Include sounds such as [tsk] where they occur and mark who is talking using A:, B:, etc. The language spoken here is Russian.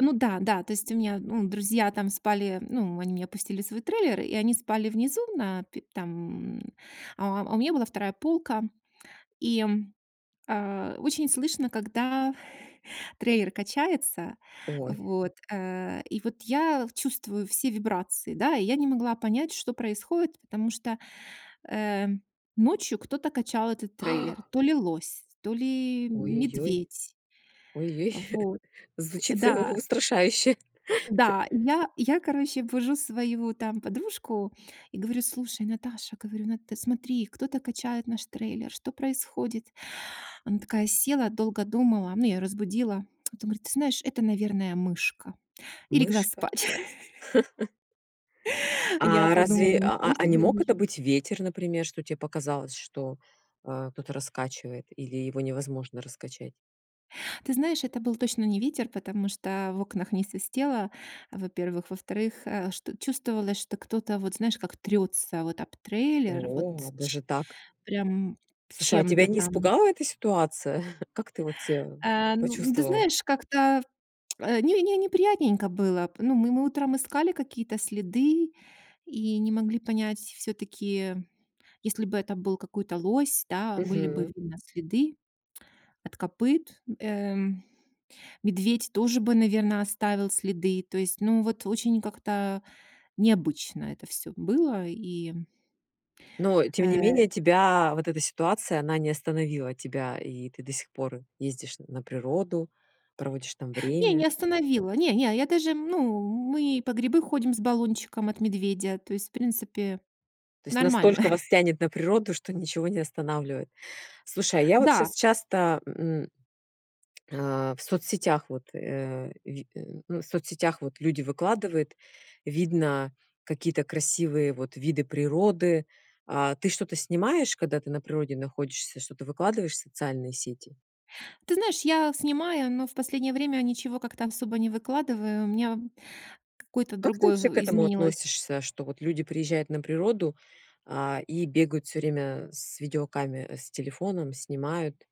A: Ну, да, да. То есть у меня, ну, друзья там спали, ну, они меня пустили в свой трейлер, и они спали внизу, на пе там, а, а у меня была 2 полка. И, а-а, очень слышно, когда трейлер качается,
B: Ой.
A: вот, э, и вот я чувствую все вибрации, да. И я не могла понять, что происходит, потому что, э-э, ночью кто-то качал этот
B: [gasps] .
A: трейлер, то ли лось, то ли
B: Ой-ой-ой.
A: медведь.
B: Ой-ой.
A: Вот.
B: [chuckles]
A: Т
B: Звучит,
A: да.
B: э-э, устрашающе.
A: Да,
B: [chuckles]
A: и я и я, короче, бужу свою там подружку и говорю: "Слушай, Наташа". Говорю: "Нат, ты смотри, кто-то качает наш трейлер, что происходит?" Она такая села, долго думала- ну, я её разбудила. [tsk] Т говорит: "Ты знаешь, это, наверное, мышка". И легла
B: Мышка?
A: спать. [chuckles]
B: [chuckles]
A: Я
B: А
A: подумала:
B: разве а
A: "Ничего
B: а не
A: себе,
B: мог
A: мышь".
B: это быть ветер, например, что те показалось, что, а, кто-то раскачивает или его невозможно раскачать?
A: Ты знаешь, это был точно не ветер, потому что в окнах не свистело, во-первых. Во-вторых, э, ш чувствовалось, что кто-то вот знаешь, как трётся вот об трейлер, вот
B: О-о, ну
A: ч
B: даже так.
A: прям
B: Слушай, а тебя
A: чем-то
B: не
A: там.
B: испугала эта ситуация? [chuckles] Как ты вот себя
A: Э-э, ну ну ты
B: почувствовала?
A: знаешь, как-то [tsk] не не неприятненько было. Ну, мы мы утром искали какие-то следы и не могли понять всё-таки. Если бы это был какой-то лось, да, были бы
B: Мгм.
A: видно следы [tsk] от копыт. Эм, медведь тоже бы, наверно, оставил следы. То есть, ну, вот очень как-то необычно это всё было. И
B: Но тем не
A: Э-э.
B: менее тебя вот эта ситуация, она не остановила тебя, и ты до сих пор ездишь н на природу, проводишь там
A: Не, не
B: время?
A: остановила. Не, не, я даже, ну, мы и по грибы ходим с баллончиком от медведя. То есть, в принципе,
B: То есть
A: нормально.
B: настолько вас
A: [chuckles]
B: тянет на природу, что ничего не останавливает. Слушай, а я вот щас
A: Да.
B: часто, мм, а-а, в соцсетях вот, э-э, ви ну, в соцсетях вот люди выкладывают, видно какие-то красивые вот виды природы. А ты что-то снимаешь, когда ты на природе находишься? Что-то выкладываешь в социальные сети?
A: Ты знаешь, я снимаю, но в последнее время ничего как-то особо не выкладываю, у меня какой-то
B: Как ты
A: другой
B: вообще
A: в
B: к этому
A: изменилось
B: относишься, что вот люди приезжают на природу, а, и бегают всё время с видеокамер с телефоном, снимают?